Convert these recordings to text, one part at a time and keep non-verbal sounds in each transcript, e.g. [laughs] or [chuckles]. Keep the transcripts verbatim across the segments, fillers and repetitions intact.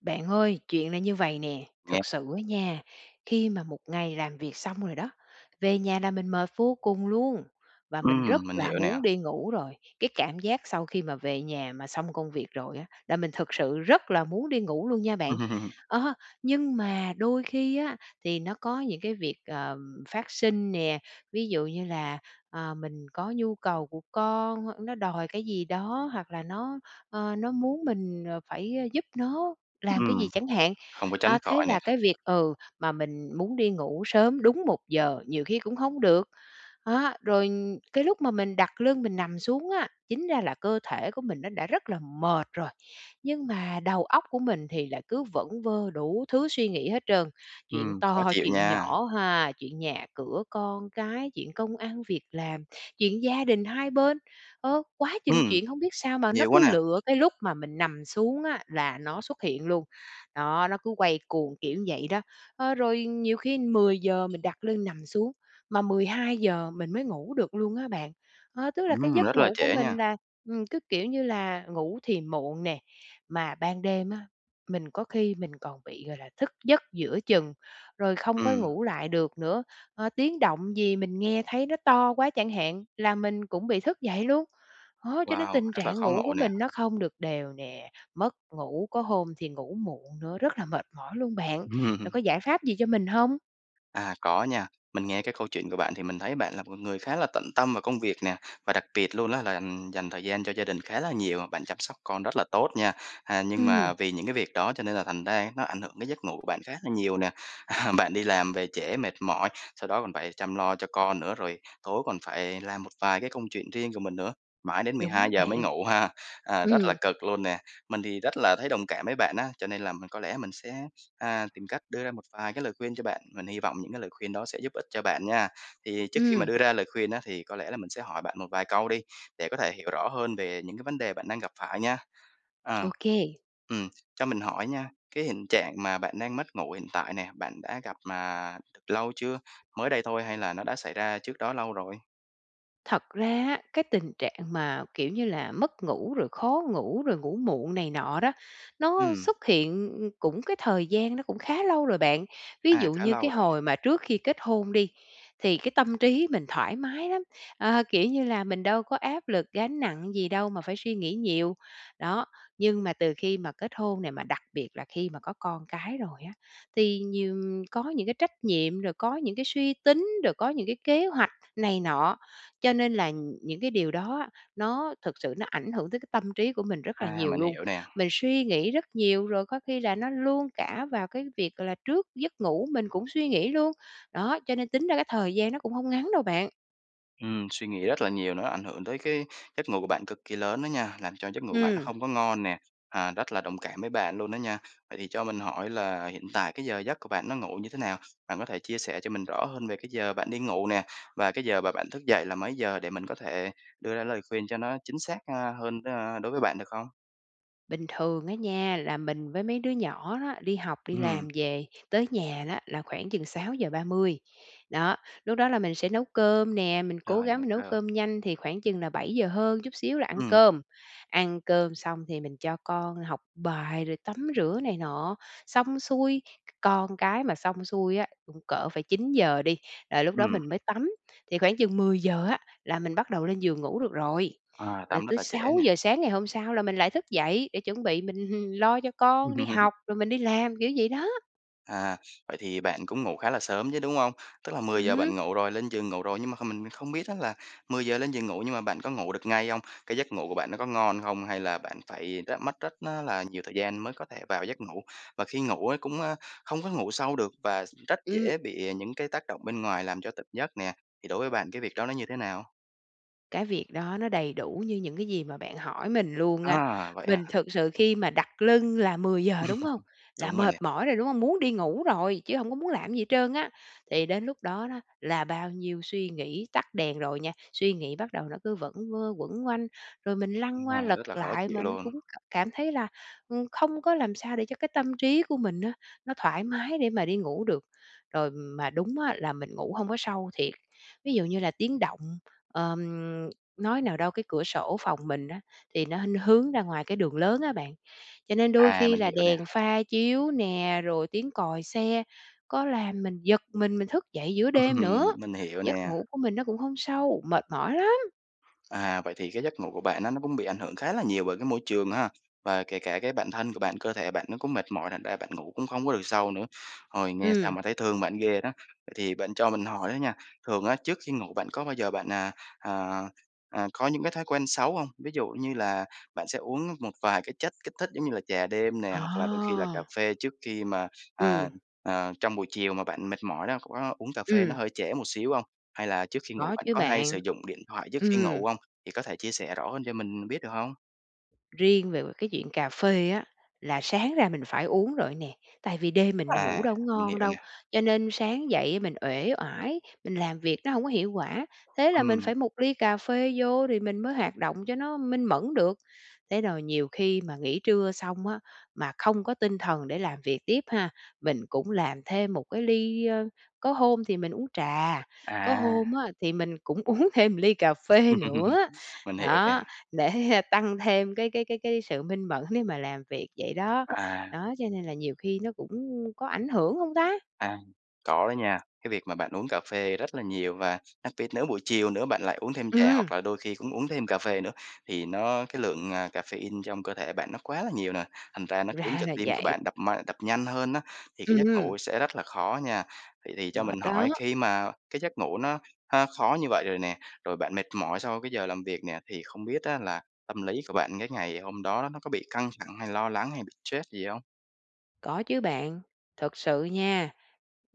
Bạn ơi, chuyện là như vầy nè, Nghe. thực sự á nha, khi mà một ngày làm việc xong rồi đó, về nhà là mình mệt vô cùng luôn, và mình Ừm, rất mình là hiểu nè. muốn đi ngủ rồi. Cái cảm giác sau khi mà về nhà mà xong công việc rồi á, là mình thực sự rất là muốn đi ngủ luôn nha bạn. [laughs] A, nhưng mà đôi khi á, thì nó có những cái việc, ờ, phát sinh nè, ví dụ như là, à, mình có nhu cầu của con, nó đòi cái gì đó hoặc là nó, ơ, nó muốn mình, ờ, phải giúp nó làm cái gì Ừm, chẳng hạn. không có tránh A, thế khỏi nè. là cái việc ừ, mà mình muốn đi ngủ sớm đúng một giờ, nhiều khi cũng không được. Á, rồi cái lúc mà mình đặt lưng mình nằm xuống á, chính ra là cơ thể của mình nó đã rất là mệt rồi nhưng mà đầu óc của mình thì lại cứ vẩn vơ đủ thứ suy nghĩ hết trơn. Chuyện Ừm, khó to, chịu chuyện nha! nhỏ ha, chuyện nhà cửa con cái, chuyện công ăn việc làm, chuyện gia đình hai bên, ơ, quá chừng Ừm, chuyện hông biết sao mà nó nhiều quá cứ nè! lựa cái lúc mà mình nằm xuống á, là nó xuất hiện luôn. Đó, nó cứ quay cuồng, kiểu, vậy đó. Ơ, rồi nhiều khi mười giờ mình đặt lưng nằm xuống, mà mười hai giờ mình mới ngủ được luôn á bạn. Ơ, tức là cái Ừm, giấc rất là ngủ của trễ nha! mình là, ừm, cứ, kiểu như là, ngủ thì muộn nè, mà ban đêm á, mình có khi mình còn bị, gọi là, thức giấc giữa chừng, rồi không có Ừm. ngủ lại được nữa. Ơ, tiếng động gì mình nghe thấy nó to quá chẳng hạn, là mình cũng bị thức dậy luôn. Đó, cho nên Wow! tình Rất là trạng khó ngủ ngủ của nè. mình nó không được đều nè, mất ngủ, có hôm thì ngủ muộn nữa, rất là mệt mỏi luôn bạn. Bạn Ừm. có giải pháp gì cho mình hông? À, có nha. Mình nghe cái câu chuyện của bạn thì mình thấy bạn là một con người khá là tận tâm vào công việc nè, và đặc biệt luôn á là, ừm, dành thời gian cho gia đình khá là nhiều, bạn chăm sóc con rất là tốt nha. À, nhưng Ừm. mà vì những cái việc đó, cho nên là thành ra nó ảnh hưởng cái giấc ngủ của bạn khá là nhiều nè. À, bạn đi làm về trễ mệt mỏi, sau đó còn phải chăm lo cho con nữa. Rồi tối còn phải làm một vài cái công chuyện riêng của mình nữa, mãi đến mười Đúng hai đó giờ bạn. mới ngủ ha, à, rất là Ừm. cực luôn nè. Mình thì rất là thấy đồng cảm với bạn á, cho nên là mình có lẽ mình sẽ, a, tìm cách đưa ra một vài cái lời khuyên cho bạn, mình hy vọng những cái lời khuyên đó sẽ giúp ích cho bạn nha. Thì trước khi mà Ừm. đưa ra lời khuyên á, thì có lẽ là mình sẽ hỏi bạn một vài câu đi, để có thể hiểu rõ hơn về những cái vấn đề bạn đang gặp phải nha. Ờ, Ô kê. ừm, cho mình hỏi nha, cái hiện trạng mà bạn đang mất ngủ hiện tại nè, bạn đã gặp mà lâu chưa, mới đây thôi hay là nó đã xảy ra trước đó lâu rồi? Thật ra á, cái tình trạng mà, kiểu như là, mất ngủ rồi khó ngủ, rồi ngủ muộn này nọ đó, nó Ừm. xuất hiện, ư, cũng cái thời gian nó cũng khá lâu rồi bạn. Ví À, dụ khá như cái lâu rồi. hồi mà trước khi kết hôn đi, thì cái tâm trí mình thoải mái lắm, ờ, kiểu như là, mình đâu có áp lực, gánh nặng gì đâu mà phải suy nghĩ nhiều. Đó, nhưng mà từ khi mà kết hôn nè, mà đặc biệt là khi mà có con cái rồi á, thì nhiều có những cái trách nhiệm, rồi có những cái suy tính, rồi có những cái kế hoạch này nọ. Cho nên là những cái điều đó, nó thực sự nó ảnh hưởng tới cái tâm trí của mình rất là À, nhiều mình luôn. hiểu nè. Mình suy nghĩ rất nhiều, rồi có khi là nó luôn cả vào cái việc, gọi là, trước giấc ngủ mình cũng suy nghĩ luôn. Đó, cho nên tính ra cái thời gian nó cũng hông ngắn đâu bạn. Ừm, suy nghĩ rất là nhiều nó ảnh hưởng tới cái giấc ngủ bạn cực kỳ lớn đó nha, làm cho giấc ngủ bạn nó Ừm. không có ngon nè, à, rất là đồng cảm với bạn luôn đó nha! Vậy thì cho mình hỏi là hiện tại cái giờ giấc của bạn nó ngủ như thế nào? Bạn có thể chia sẻ cho mình rõ hơn về cái giờ bạn đi ngủ nè và cái giờ mà bạn thức dậy là mấy giờ để mình có thể đưa ra lời khuyên cho nó chính xác, a, hơn, a, đối với bạn, được không? Bình thường á nha, là mình với mấy đứa nhỏ đó, đi học, đi làm Ừm. về tới nhà á là khoảng chừng sáu giờ ba mươi, đó, lúc đó là mình sẽ nấu cơm nè, mình cố Rồi, gắng nấu mình nấu cơm. cơm nhanh thì khoảng chừng là bảy giờ hơn chút xíu là ăn Ừm. cơm. Ăn cơm xong thì mình cho con học bài rồi tắm rửa này nọ. Xong xuôi c con cái mà xong xuôi á, cũng cỡ phải chín giờ đi là lúc đó Ừm. mình mới tắm, thì khoảng chừng mười giờ á là mình bắt đầu lên giường ngủ được rồi. À, Rồi tắm rất tới là trễ sáu nè. giờ sáng ngày hôm sau là mình lại thức dậy để chuẩn bị mình lo cho con đi Ừm. học, rồi mình đi làm, kiểu vậy đó. À, vậy thì bạn cũng ngủ khá là sớm chứ, đúng hông? Tức là Ừm mười giờ hứm. bạn ngủ rồi, lên giường ngủ rồi, nhưng mà không mình không biết á là mười giờ lên giường ngủ nhưng mà bạn có ngủ được ngay hông? Cái giấc ngủ bạn nó có ngon hông? Hay là bạn phải rất mất rất á là nhiều thời gian mới có thể vào giấc ngủ? Và khi ngủ, ơ, cũng, ơ, hông có ngủ sâu được và rất Ừm. dễ bị những cái tác động bên ngoài làm cho tỉnh giấc nè, thì đối với bạn cái việc đó nó như thế nào? Cái việc đó nó đầy đủ như những cái gì mà bạn hỏi mình luôn á. A, vậy Mình à? thực sự khi mà đặt lưng là mười giờ, đúng hông? [laughs] Là Đúng rồi mệt nè. mỏi rồi, đúng hông? Muốn đi ngủ rồi, chứ hông có muốn làm gì hết trơn á. Thì đến lúc đó đó, là bao nhiêu suy nghĩ tắt đèn rồi nha, suy nghĩ bắt đầu nó cứ vẩn vơ, quẩn quanh, rồi mình lăn qua, À, lật rất là khó lại chịu mà nó luôn! cũng c cảm thấy là, ừm, không có làm sao để cho cái tâm trí của mình á, nó thoải mái để mà đi ngủ được. Rồi mà đúng á là mình ngủ hông có sâu thiệt, ví dụ như là tiếng động, ờm, nói nào đâu cái cửa sổ phòng mình á, thì nó nó hướng ra ngoài cái đường lớn á bạn. Cho nên đôi À, khi mình là hiểu nè! đèn pha chiếu nè, rồi tiếng còi xe có làm mình giật mình, mình thức dậy giữa Ừm, đêm nữa. mình hiểu Giấc nè! ngủ của mình nó cũng không sâu, mệt mỏi lắm! À, vậy thì cái giấc ngủ của bạn nó nó cũng bị ảnh hưởng khá là nhiều bởi cái môi trường ha! Và kể cả cái bản thân của bạn, cơ thể bạn nó cũng mệt mỏi, thành ra bạn ngủ cũng hông có được sâu nữa. Ôi, nghe sao Ừm. mà thấy thương bạn ghê đó! Vậy thì bạn cho mình hỏi đó nha, thường á trước khi ngủ bạn có bao giờ bạn à, à à có những cái thói quen xấu không? Ví dụ như là bạn sẽ uống một vài cái chất kích thích giống như là trà đêm nè, hoặc là đôi khi là cà À! phê trước khi mà, à, Ừm. ờ, trong buổi chiều mà bạn mệt mỏi đó, có uống cà phê nó Ừm. hơi trễ một xíu hông? Hay là trước khi ngủ Có bạn chứ có hay bạn. sử dụng điện thoại trước khi Ừm. ngủ hông? Thì có thể chia sẻ rõ hơn cho mình biết, được hông? Riêng về về cái chuyện cà phê á, là sáng ra mình phải uống rồi á nè. Tại vì đêm mình ngủ À, đâu có mình ngon hiểu đâu, nè. cho nên sáng dậy á mình uể oải, mình làm việc nó hông có hiệu quả. Thế là mình Ừm. phải một ly cà phê vô thì mình mới hoạt động cho nó minh mẫn được. Thế rồi nhiều khi mà nghỉ trưa xong á, mà không có tinh thần để làm việc tiếp ha, mình cũng làm thêm một cái ly, ơ có hôm thì mình uống trà, có À. hôm á thì mình cũng uống thêm một ly cà phê nữa, [laughs] Mình hiểu nè. đó, để tăng thêm cái cái cái cái sự minh mẫn để mà làm việc, vậy đó. À. Đó, cho nên là nhiều khi nó cũng có ảnh hưởng hông ta? À. Có đó nha! Cái việc mà bạn uống cà phê rất là nhiều, và đặc biệt nếu buổi chiều nữa bạn lại uống thêm trà Ừm! hoặc là đôi khi cũng uống thêm cà phê nữa, thì nó cái lượng, ờ, caffeine trong cơ thể bạn nó quá là nhiều nè. Thành ra nó khiến Ra cho là tim của vậy. bạn đập m đập nhanh hơn á, thì cái giấc Ừm! ngủ sẽ rất là khó nha. Vậy thì cho Mệt mình đó! hỏi khi mà cái giấc ngủ nó h khó như vậy rồi nè, rồi bạn mệt mỏi sau cái giờ làm việc nè, thì không biết á là tâm lý của bạn cái ngày hôm đó nó có bị căng thẳng, hay lo lắng, hay bị troét gì không? Có chứ bạn. Thực sự nha,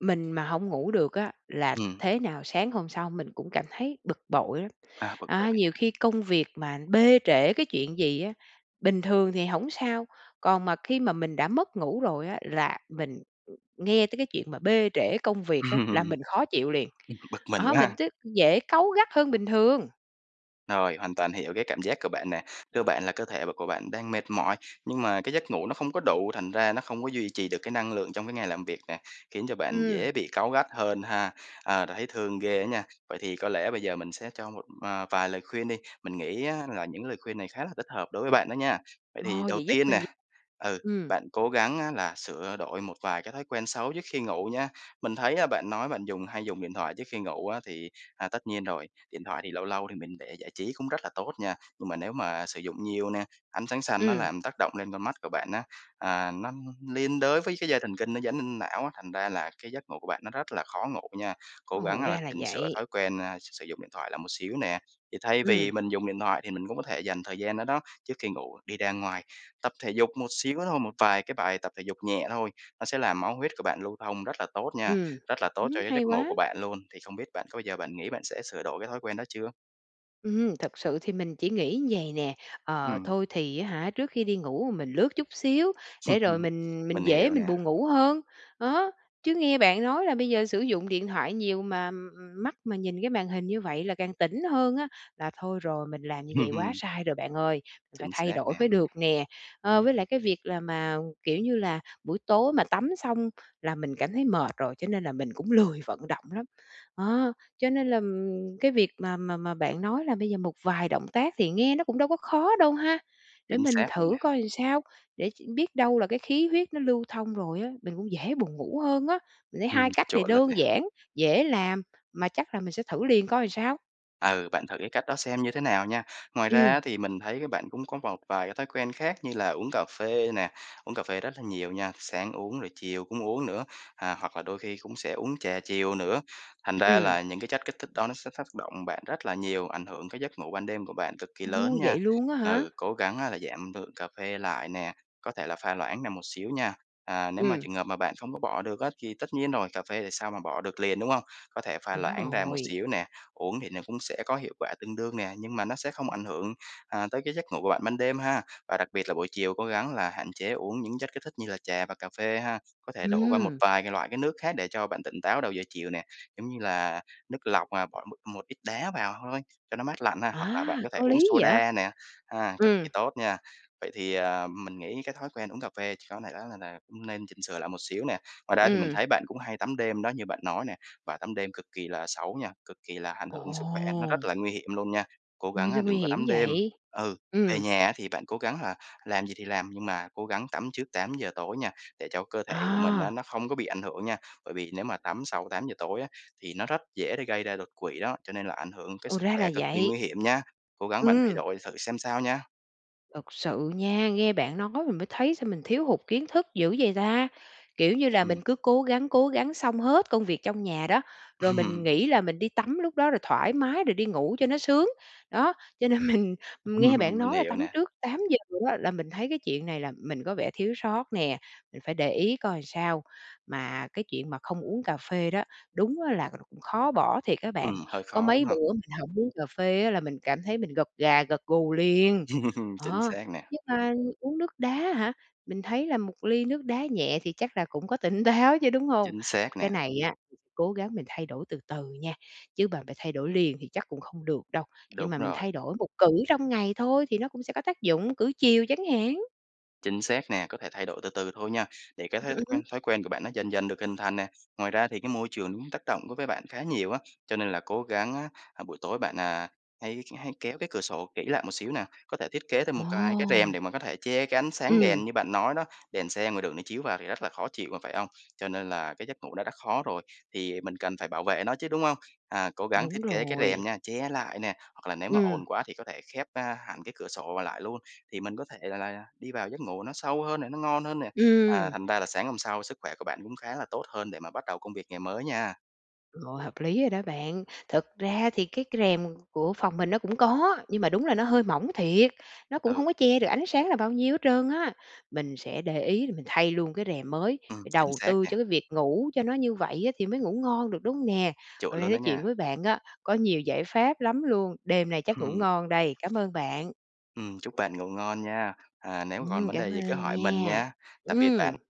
mình mà hổng ngủ được á, là Ừm. thế nào sáng hôm sau mình cũng cảm thấy bực bội lắm. À, bực bội A, nhiều ha! khi công việc mà bê trễ cái chuyện gì á, bình thường thì hổng sao, còn mà khi mà mình đã mất ngủ rồi á là mình, ừm, nghe tới cái chuyện mà bê trễ công việc á là mình [laughs] khó chịu liền. Ừm, bực mình Đó, quá mình ha! cứ dễ cáu gắt hơn bình thường. Rồi, hoàn toàn hiểu cái cảm giác của bạn nè. Cơ bản là cơ thể của bạn đang mệt mỏi nhưng mà cái giấc ngủ nó không có đủ, thành ra nó không có duy trì được cái năng lượng trong cái ngày làm việc nè, khiến cho bạn Ừm. dễ bị cáu gắt hơn ha. Ờ, rồi thấy thương ghê á nha! Vậy thì có lẽ bây giờ mình sẽ cho một, à, vài lời khuyên đi, mình nghĩ á là những lời khuyên này khá là thích hợp đối với bạn đó nha. Vậy thì Ồ, đầu vậy giúp tiên mình nè, v ừ, ừm. bạn cố gắng á là sửa đổi một vài cái thói quen xấu trước khi ngủ nha. Mình thấy á bạn nói bạn dùng hay dùng điện thoại trước khi ngủ á, thì, à, tất nhiên rồi, điện thoại thì lâu lâu thì mình để giải trí cũng rất là tốt nha. Nhưng mà nếu mà sử dụng nhiều nè, ánh sáng xanh nó Ừm. làm tác động lên con mắt của bạn á, à, nó liên đới với cái dây thần kinh nó dẫn lên não á, thành ra là cái giấc ngủ của bạn nó rất là khó ngủ nha. Cố gắng Ồ, là ra là chỉnh sửa vậy! thói quen, a, sử sử dụng điện thoại lại một xíu nè. Thì thay Ừm. vì mình dùng điện thoại, thì mình cũng có thể dành thời gian đó đó, trước khi ngủ đi ra ngoài, tập thể dục một xíu thôi, một vài cái bài tập thể dục nhẹ thôi. Nó sẽ làm máu huyết của bạn lưu thông rất là tốt nha, Ừm. rất là tốt cho Ừm, cái giấc hay ngủ quá! của bạn luôn. Thì không biết bạn có bao giờ bạn nghĩ bạn sẽ sửa đổi cái thói quen đó chưa? Ừm, thực sự thì mình chỉ nghĩ vầy nè, ờ, Ừm. thôi thì á hả, trước khi đi ngủ mình lướt chút xíu để rồi [chuckles] mình mình Mình dễ hiểu mình nè. buồn ngủ hơn, đó. Chứ nghe bạn nói là bây giờ sử dụng điện thoại nhiều mà mắt mà nhìn cái màn hình như vậy là càng tỉnh hơn á, là thôi rồi, mình làm như vậy quá Ừm. sai rồi bạn ơi, mình phải Chính thay xác đổi nè. mới được nè. Ờ, với lại cái việc là mà, kiểu như là, buổi tối mà tắm xong là mình cảm thấy mệt rồi, cho nên là mình cũng lười vận động lắm. Đó, cho nên là, ừm, cái việc mà mà mà bạn nói là bây giờ một vài động tác thì nghe nó cũng đâu có khó đâu ha. Để Chính mình xác luôn thử nè. coi làm sao, để biết đâu là cái khí huyết nó lưu thông rồi á, mình cũng dễ buồn ngủ hơn á. Mình thấy Ừm, hai cách này chuẩn luôn đơn nè. giản, dễ làm, mà chắc là mình sẽ thử liền coi làm sao. Ừ, bạn thử cái cách đó xem như thế nào nha. Ngoài ra á Ừm. thì mình thấy á bạn cũng có một vài cái thói quen khác như là uống cà phê nè, uống cà phê rất là nhiều nha, sáng uống rồi chiều cũng uống nữa, à, hoặc là đôi khi cũng sẽ uống trà chiều nữa. Thành ra Ừm. là những cái chất kích thích đó nó sẽ tác động bạn rất là nhiều, ảnh hưởng tới giấc ngủ ban đêm của bạn cực kỳ lớn Ô, nha. vậy luôn á hả? Ừ, cố gắng á là giảm lượng cà phê lại nè, có thể là pha loãng ra một xíu nha. À, nếu mà Ừm. trường hợp mà bạn không có bỏ được á, thì tất nhiên rồi, cà phê thì sao mà bỏ được liền, đúng hông? Có thể pha Đúng loãng ra một rồi. xíu nè, uống thì nó cũng sẽ có hiệu quả tương đương nè, nhưng mà nó sẽ không ảnh hưởng, ờ, tới cái giấc ngủ của bạn ban đêm ha. Và đặc biệt là buổi chiều, cố gắng là hạn chế uống những chất kích thích như là trà và cà phê ha. Có thể đổi qua một Ừm! vài cái loại cái nước khác để cho bạn tỉnh táo đầu giờ chiều nè. Giống như là nước lọc là, ờ, bỏ một một ít đá vào thôi cho nó mát lạnh ha, hoặc là bạn À, có thể có uống lý vậy? soda nè, ha, cực Ừm. kỳ tốt nha. Vậy thì à, mình nghĩ cái thói quen uống cà phê chỉ có là đó là nè nên chỉnh sửa lại một xíu nè. Ngoài ra thì mình Ừm. thấy bạn cũng hay tắm đêm đó như bạn nói nè, và tắm đêm cực kỳ là xấu nha, cực kỳ là ảnh hưởng sức khỏe, nó Ồ! rất là nguy hiểm luôn nha. Cố Ôi, gắng á sao nguy đừng có hiểm tắm đêm. vậy? Ừ, về Ừm. nhà á thì bạn cố gắng là làm gì thì làm, nhưng mà cố gắng tắm trước tám giờ tối nha, để cho cơ thể của mình á À. nó không có bị ảnh hưởng nha. Bởi vì nếu mà tắm sau tám giờ tối á, thì nó rất dễ gây ra đột quỵ đó, cho nên là ảnh hưởng tới Ồ, sức ra là khỏe cực kỳ nguy vậy. hiểm nha. Cố gắng bạn thay Ừm. đổi thử xem sao nha. Thực sự nha, nghe bạn nói mình mới thấy sao mình thiếu hụt kiến thức dữ vậy ta. Kiểu như là Ừm. mình cứ cố gắng, cố gắng xong hết công việc trong nhà đó, rồi mình Ừm. nghĩ là mình đi tắm lúc đó, rồi thoải mái, rồi đi ngủ cho nó sướng. Đó, cho nên mình nghe bạn Ừm, mình nói là hiểu tắm nè. trước tám giờ á là mình thấy cái chuyện này là mình có vẻ thiếu sót nè, mình phải để ý coi sao. Mà cái chuyện mà không uống cà phê đó, đúng á là khó bỏ thiệt á bạn, Ừm, hơi có khó, đúng mấy hông? bữa mình hổng uống cà phê á là mình cảm thấy mình gật gà, gật gù liền. [laughs] Chính Đó, xác nè. nhưng mà uống nước đá hả? Mình thấy là một ly nước đá nhẹ thì chắc là cũng có tỉnh táo chứ, đúng hông? Chính xác Cái nè. này á, cố gắng mình thay đổi từ từ nha, chứ bà b thay đổi liền thì chắc cũng không được đâu, nhưng Đúng mà mình thay rồi. đổi một cữ trong ngày thôi, thì nó cũng sẽ có tác dụng, cữ chiều chẳng hạn. Chính xác nè. Có thể thay đổi từ từ thôi nha, để cái thói t Ừm. quen thói quen của bạn nó dần dần được hình thành nè. Ngoài ra thì cái môi trường ứm tác động đối với bạn khá nhiều á, cho nên là cố gắng á, à, buổi tối bạn, à, hãy k hãy kéo cái cửa sổ kỹ lại một xíu nè. Có thể thiết kế thêm một cái cái rèm Ồ! để mà có thể che cái ánh sáng Ừm. đèn như bạn nói đó, đèn xe ngoài đường nó chiếu vào thì rất là khó chịu mà, phải hông? Cho nên là cái giấc ngủ nó đã khó rồi, thì mình cần phải bảo vệ nó chứ, đúng hông? À, cố gắng Đúng thiết kế cái rèm rồi. nha, che lại nè, hoặc là nếu mà Ừm. ồn quá thì có thể khép, a, hẳn cái cửa sổ, ờ, lại luôn, thì mình có thể l là đi vào giấc ngủ nó sâu hơn nè, nó ngon hơn nè. À, Ừm. thành ra là sáng hôm sau sức khỏe của bạn cũng khá là tốt hơn để mà bắt đầu công việc ngày mới nha. Rồi, hợp lý rồi đó bạn. Thực ra thì cái c rèm của phòng mình nó cũng có, nhưng mà đúng là nó hơi mỏng thiệt, nó cũng Ừ. hông có che được ánh sáng là bao nhiêu hết trơn á. Mình sẽ để ý rồi mình thay luôn cái rèm mới, Ừm, phải chính đầu xác tư nè. cho cái việc ngủ cho nó như vậy á thì mới ngủ ngon được, đúng hông nè? Hôm Chủn nay luôn nói đó chuyện nha. với bạn á, có nhiều giải pháp lắm luôn, đêm nay chắc ngủ Hừm. ngon đây. Cám ơn bạn. Ừm, chúc bạn ngủ ngon nha. À, nếu mà còn Ừm, vấn cám đề gì cứ ơn hỏi mình nha. nha. Tạm biệt bạn. Ừm!